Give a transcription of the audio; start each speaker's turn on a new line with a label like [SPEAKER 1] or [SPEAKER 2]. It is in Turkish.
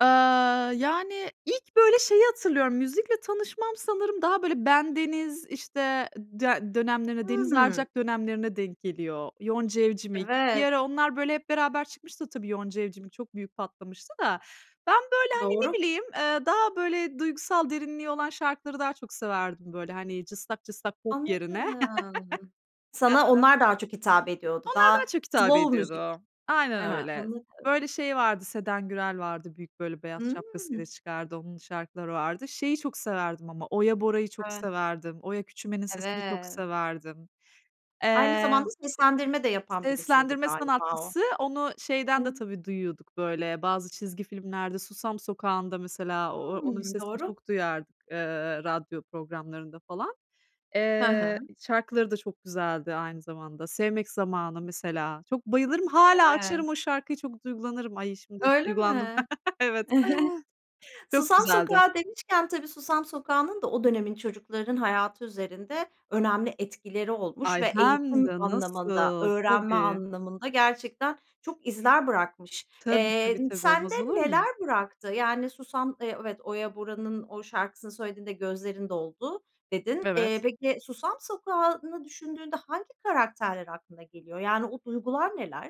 [SPEAKER 1] Aaa, yani, ilk böyle şeyi hatırlıyorum, müzikle tanışmam sanırım daha böyle Bendeniz, işte, dö dönemlerine, Deniz
[SPEAKER 2] Hıı.
[SPEAKER 1] Arcak dönemlerine denk geliyor. Yonca Evcimik, bir
[SPEAKER 2] Evet.
[SPEAKER 1] ara onlar, böyle, hep beraber çıkmıştı tabii Yonca Evcimik çok büyük patlamıştı da. Ben böyle, hani, ne
[SPEAKER 2] Doğru.
[SPEAKER 1] bileyim, eee, daha böyle duygusal derinliği olan şarkıları daha çok severdim, böyle, hani, cıstak cıstak pop yerine.
[SPEAKER 2] Anladım. Sana
[SPEAKER 1] [unintelligible]
[SPEAKER 2] onlar daha çok hitap ediyordu.
[SPEAKER 1] Onlar daha
[SPEAKER 2] Daha
[SPEAKER 1] çok hitap
[SPEAKER 2] slov müzik.
[SPEAKER 1] ediyordu.
[SPEAKER 2] He
[SPEAKER 1] Aynen
[SPEAKER 2] he,
[SPEAKER 1] öyle.
[SPEAKER 2] anladım.
[SPEAKER 1] Böyle şey vardı, Seden Gürel vardı, büyük, böyle, beyaz
[SPEAKER 2] Hıı.
[SPEAKER 1] şapkasıyla çıkardı, onun şarkıları vardı. Şeyi çok severdim ama, Oya Bora'yı çok
[SPEAKER 2] [unintelligible]
[SPEAKER 1] severdim, Oya Küçümen'in sesini çok
[SPEAKER 2] Evet.
[SPEAKER 1] severdim.
[SPEAKER 2] Aynı
[SPEAKER 1] Eee
[SPEAKER 2] zamanda seslendirme de yapan birisiydi
[SPEAKER 1] Seslendirme
[SPEAKER 2] galiba o.
[SPEAKER 1] sanatçısı, onu şeyden de
[SPEAKER 2] Hıı.
[SPEAKER 1] tabii duyuyorduk böyle, bazı çizgi filmlerde, Susam Sokağı'nda mesela, o onun
[SPEAKER 2] Hıı,
[SPEAKER 1] sesini
[SPEAKER 2] doğru.
[SPEAKER 1] çok duyardık, ııı, radyo programlarında falan.
[SPEAKER 2] Hı hı.
[SPEAKER 1] Eee, şarkıları da çok güzeldi aynı zamanda. ”Sevmek Zamanı” mesela. Çok bayılırım, hâlâ
[SPEAKER 2] Evet.
[SPEAKER 1] açarım o şarkıyı, çok duygulanırım. Ay, şimdi
[SPEAKER 2] Öyle
[SPEAKER 1] duygulandım.
[SPEAKER 2] mi?
[SPEAKER 1] Evet çok
[SPEAKER 2] Susam
[SPEAKER 1] güzeldi.
[SPEAKER 2] Sokağı demişken, tabii Susam Sokağı'nın da o dönemin çocuklarının hayatı üzerinde önemli etkileri olmuş
[SPEAKER 1] Ay,
[SPEAKER 2] ve
[SPEAKER 1] hem
[SPEAKER 2] eğitim
[SPEAKER 1] de
[SPEAKER 2] anlamında,
[SPEAKER 1] nasıl
[SPEAKER 2] öğrenme
[SPEAKER 1] tabii.
[SPEAKER 2] anlamında gerçekten çok izler bırakmış.
[SPEAKER 1] Tabii,
[SPEAKER 2] Eee,
[SPEAKER 1] tabii,
[SPEAKER 2] n
[SPEAKER 1] tabii,
[SPEAKER 2] sende
[SPEAKER 1] olmaz olur
[SPEAKER 2] neler
[SPEAKER 1] mu?
[SPEAKER 2] bıraktı? Yani, Susam Eee, evet, Oya Bora'nın o şarkısını söylediğinde gözlerin doldu, dedin. Eee,
[SPEAKER 1] Evet.
[SPEAKER 2] peki, Susam Sokağı'nı düşündüğünde hangi karakterler aklına geliyor? Yani, o duygular neler?